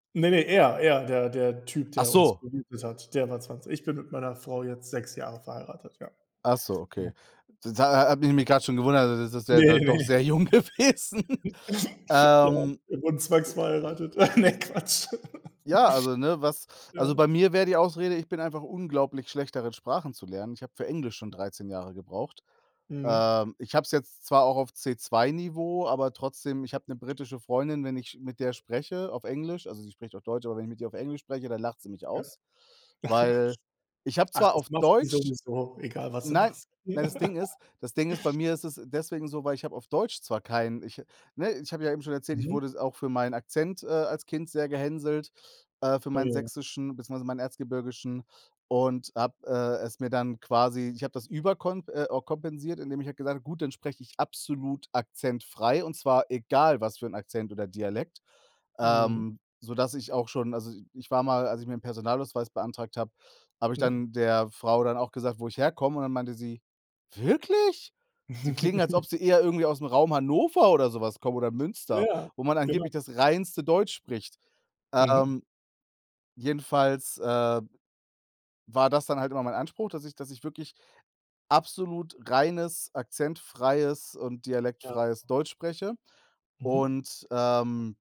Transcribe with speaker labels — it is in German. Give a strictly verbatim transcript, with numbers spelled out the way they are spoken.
Speaker 1: Ne, ne, er er, der der Typ,
Speaker 2: Ach
Speaker 1: der uns
Speaker 2: so.
Speaker 1: [unintelligible] hat, der war zwanzig. Ich bin mit meiner Frau jetzt sechs Jahre verheiratet, ja.
Speaker 2: Ach so,
Speaker 1: Mhm.
Speaker 2: okay. Das ha ha habe ich mich grad schon gewundert, also, das ist ja
Speaker 1: Ne,
Speaker 2: dann doch
Speaker 1: ne?
Speaker 2: sehr jung gewesen.
Speaker 1: Ja,
Speaker 2: Ähm
Speaker 1: wir wurden
Speaker 2: ja.
Speaker 1: zwangsverheiratet. Ah, ne, Quatsch.
Speaker 2: Ja, also, ne, was also,
Speaker 1: Ja.
Speaker 2: bei mir wäre die Ausrede, ich bin einfach unglaublich schlecht darin, Sprachen zu lernen. Ich habe für Englisch schon
Speaker 1: [unintelligible]
Speaker 2: dreizehn Jahre gebraucht.
Speaker 1: Mhm.
Speaker 2: Ähm, ich habe es jetzt zwar auch auf C2-Niveau, aber trotzdem. Ich habe 'ne britische Freundin, wenn ich sch mit der spreche auf Englisch also, sie spricht auch Deutsch, aber wenn ich mit ihr auf Englisch spreche, dann lacht sie mich
Speaker 1: Ja.
Speaker 2: aus. Weil ich habe
Speaker 1: Ach,
Speaker 2: zwar
Speaker 1: das
Speaker 2: auf
Speaker 1: machen die
Speaker 2: Deutsch
Speaker 1: sowieso, egal was du
Speaker 2: Nein,
Speaker 1: machst.
Speaker 2: weil das Ding ist das Ding ist, bei mir ist es deswegen so, weil ich habe auf Deutsch zwar kein ich ne, ich habe ja eben schon erzählt, ich
Speaker 1: Mhm.
Speaker 2: wurde s auch für meinen Akzent, äh, als Kind sehr gehänselt, äh, für
Speaker 1: Ah
Speaker 2: meinen
Speaker 1: ja.
Speaker 2: Sächsischen beziehungsweise meinen Erzgebirgischen und habe, äh, es mir dann quasi ich habe das überkonp äh, kompensiert, indem ich halt gesagt habe: „Gut, dann spreche ich absolut akzentfrei, und zwar egal was für 'n Akzent oder Dialekt,“
Speaker 1: Mhm.
Speaker 2: ähm, sodass ich auch schon also, ich war mal als ich mir 'n Personalausweis beantragt habe, habe ich
Speaker 1: Mhm.
Speaker 2: dann der Frau dann auch gesagt, wo ich herkomme und dann meinte sie: „Wirklich? Sie klingen, als ob Sie eher irgendwie aus'm Raum Hannover oder so was kommen oder Münster,
Speaker 1: Ja,
Speaker 2: wo man
Speaker 1: genau.
Speaker 2: angeblich das reinste Deutsch spricht.“
Speaker 1: Mhm.
Speaker 2: Ähm, jedenfalls, äh, war das dann halt immer mein Anspruch, dass ich dass ich wirklich absolut reines, akzentfreies und
Speaker 1: Ja.
Speaker 2: dialektfreies Deutsch spreche.
Speaker 1: Mhm.
Speaker 2: Und, ähm